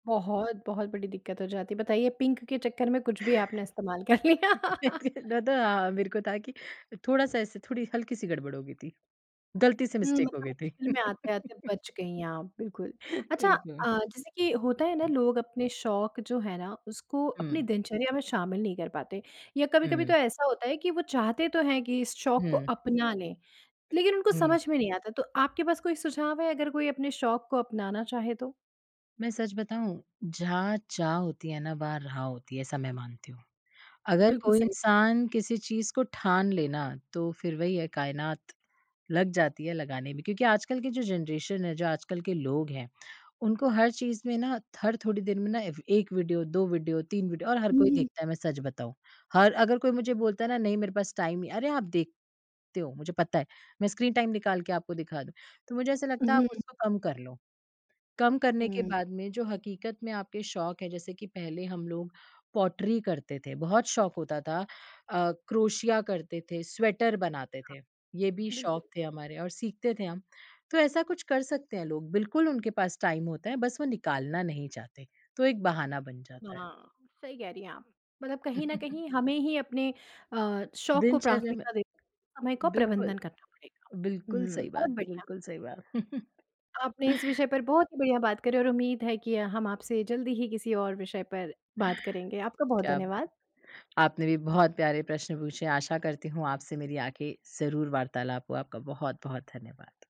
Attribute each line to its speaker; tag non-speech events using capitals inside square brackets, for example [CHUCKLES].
Speaker 1: बहुत बहुत बड़ी दिक्क़त हो जाती है। बताइए पिंक के चक्कर में कुछ भी आपने इस्तेमाल कर लिया। [LAUGHS]
Speaker 2: [CHUCKLES] दादा मेरे को था कि थोड़ा-सा ऐसे थोड़ी हल्की-सी गड़बड़ हो गई थी। गलती से
Speaker 1: हुँ
Speaker 2: मिस्टेक हो
Speaker 1: मतलब
Speaker 2: गई थी।
Speaker 1: मुश्किल में आते-आते
Speaker 2: [LAUGHS]
Speaker 1: बच गई आप, बिल्कुल। अच्छा
Speaker 2: ठीक
Speaker 1: अ,
Speaker 2: हुँ।
Speaker 1: जैसे कि होता है ना लोग अपने शौक जो है ना उसको अपनी
Speaker 2: हुँ।
Speaker 1: दिनचर्या में शामिल नहीं कर पाते। या कभी-कभी
Speaker 2: हुँ।
Speaker 1: तो ऐसा होता है कि वो चाहते तो हैं कि इस शौक को
Speaker 2: हुँ।
Speaker 1: अपना लें लेकिन उनको
Speaker 2: हुँ।
Speaker 1: समझ में नहीं आता। तो आपके पास कोई सुझाव है, अगर कोई अपने शौक को अपनाना चाहे तो?
Speaker 2: मैं सच बताऊँ, जहाँ चाह होती है ना वहाँ राह होती है ऐसा मैं मानती हूँ। अगर
Speaker 1: बिल्कुल
Speaker 2: कोई
Speaker 1: सही।
Speaker 2: इंसान किसी चीज़ को ठान लेना तो फिर वही है कायनात लग जाती है लगाने में। क्योंकि आजकल की जो जनरेशन है, जो आजकल के लोग हैं उनको हर चीज़ में ना, हर थोड़ी देर में ना एव 1 वीडियो 2 वीडियो 3 वीडियो और हर
Speaker 1: हुँ, हुँ,
Speaker 2: कोई
Speaker 1: हुँ।
Speaker 2: देखता है मैं सच बताऊँ। हर अगर कोई मुझे बोलता है ना नहीं मेरे पास टाइम अरे आप देख ते हो मुझे पता है। मैं स्क्रीन टाइम निकाल के आपको दिखा दूँ। तो मुझे ऐसा लगता है आप
Speaker 1: हुँ।
Speaker 2: उसको कम कर लो। कम करने के
Speaker 1: हुँ।
Speaker 2: बाद में जो हकीकत में आपके शौक है जैसे कि पहले हम लोग पॉटरी करते थे। बहुत शौक होता था, अ, क्रोशिया करते थे, स्वेटर बनाते
Speaker 1: हाँ।
Speaker 2: थे। ये भी शौक
Speaker 1: बिल्कुल।
Speaker 2: थे हमारे और सीखते थे हम। तो ऐसा कुछ कर सकते हैं लोग। बिल्कुल उनके पास टाइम होता है, बस वो निकालना नहीं चाहते। तो एक बहाना बन जाता है।
Speaker 1: हाँ, सही कह रही हैं आप। मतलब कहीं न
Speaker 2: [CHUCKLES]
Speaker 1: कहीं हमें ही अपने अ, शौक को
Speaker 2: दिनचर्या में
Speaker 1: प्राथमिकता देते समय का
Speaker 2: बिल्कुल।
Speaker 1: प्रबंधन करना पड़ेगा।
Speaker 2: बिल्कुल
Speaker 1: हुँ।
Speaker 2: सही बात,
Speaker 1: बहुत बढ़िया।
Speaker 2: बिल्कुल सही बात। [CHUCKLES]
Speaker 1: आपने इस विषय पर बहुत ही बढ़िया बात करी और उम्मीद है कि हम आपसे जल्दी ही किसी और विषय पर बात करेंगे। आपका बहुत
Speaker 2: क्या
Speaker 1: धन्यवाद।
Speaker 2: बात। आपने भी बहुत प्यारे प्रश्न पूछे, आशा करती हूँ आपसे मेरी आगे ज़रूर वार्तालाप हो। आपका बहुत-बहुत धन्यवाद।